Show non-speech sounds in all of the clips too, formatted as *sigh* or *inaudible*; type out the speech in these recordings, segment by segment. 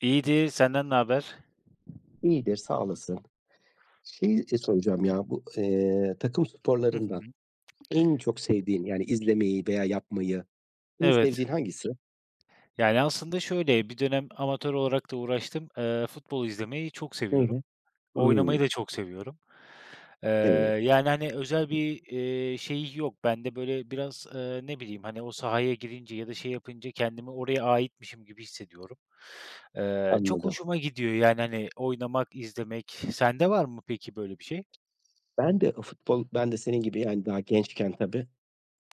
İyidir, senden naber? İyidir, sağ olasın. Şeyi, iii, soracağım ya: Bu, eee, takım Hı sporlarından hı. en çok sevdiğin yani izlemeyi veya yapmayı en Evet. sevdiğin hangisi? Yani aslında şöyle, bir dönem amatör olarak da uğraştım. Eee, futbol izlemeyi çok Hı seviyorum. hı, Oynamayı hıı. da çok seviyorum. Eee, Evet. yani hani özel bir, iii, şeyi yok. Bende böyle biraz, eee, ne bileyim hani o sahaya girince ya da şey yapınca kendimi oraya aitmişim gibi hissediyorum. Eee, çok Anladım. hoşuma gidiyor yani hani oynamak, izlemek. Sende var mı peki böyle bir şey? Ben de o futbol Ben de senin gibi yani daha gençken tabii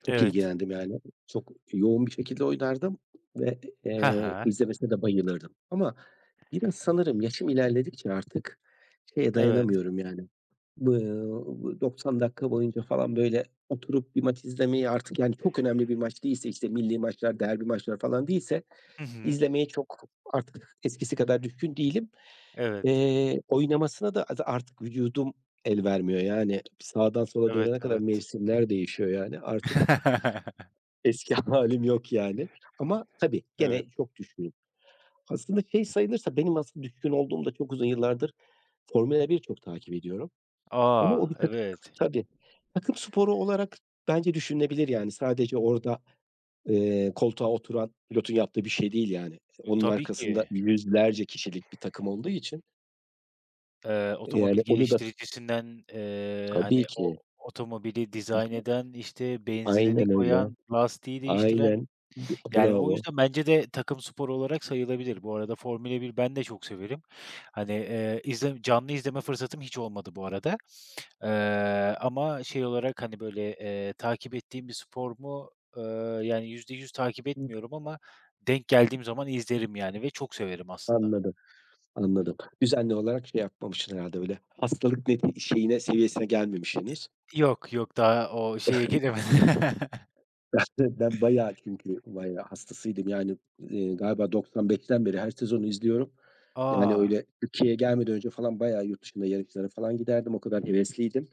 çok Evet. ilgilendim yani. Çok yoğun bir şekilde oynardım ve, He eee, he. izlemesine de bayılırdım ama biraz sanırım yaşım ilerledikçe artık şeye Evet. dayanamıyorum yani, ııı, ııı, 90 dakika boyunca falan böyle oturup bir maç izlemeye artık yani çok önemli bir maç değilse, işte, millî maçlar, derbi maçlar falan değilse Hı hı. izlemeye çok artık eskisi kadar düşkün değilim. Evet. Eee, oynamasına da aza artık vücudum el vermiyor yani. Sağdan sola Evet, dönene kadar evet. mevsimler değişiyor yani. Artık Eski hâlim yok yani. Ama, *chuckles* tabii, Evet. gene çok düşkünüm. Aslında şey sayılırsa benim asıl düşkün olduğumda çok uzun yıllardır Formula 1 çok takip ediyorum. Ama o A! bir takım Evet. Tabii, tabii. Takım sporu olarak bence düşünülebilir yani. Sadece orada, eee, koltuğa oturan pilotun yaptığı bir şey değil yani. İii, Iıı, onun tabii arkasında ki. 100'lerce kişilik bir takım olduğu için Eee, otomobil Yani onu da geliştiricisinden, eee, hani Tabii o ki. otomobili dizayn İşte eden, işte, benzinini Aynen öyle. koyan, lastiği değiştiren. Aynen. B Yani o bravo. yüzden bence de takım sporu olarak sayılabilir. Bu arada Formula 1 ben de çok severim. Hani, eee, izlem canlı izleme fırsatım hiç olmadı bu arada. Eee, ama şey olarak hani böyle, eee, takip ettiğim bir spor mu? Eee, yani %100 takip Hı etmiyorum ama denk geldiğim zaman izlerim yani ve çok severim aslında. Anladım. Anladım. Düzenli olarak şey yapmamışsın herhâlde öyle. Hastalık net şeyine, seviyesine gelmemiş Eee, henüz. yok, yok, daha o şeye gelemedim. *chuckles* *chuckles* *chuckles* Ben bayağı çünkü bayağı hastasıydım yani, iii, galiba 95'ten beri her sezonu izliyorum. Yani A! öyle Türkiye'ye gelmeden önce falan bayağı yurt dışında yarışlara falan giderdim. O kadar hevesliydim.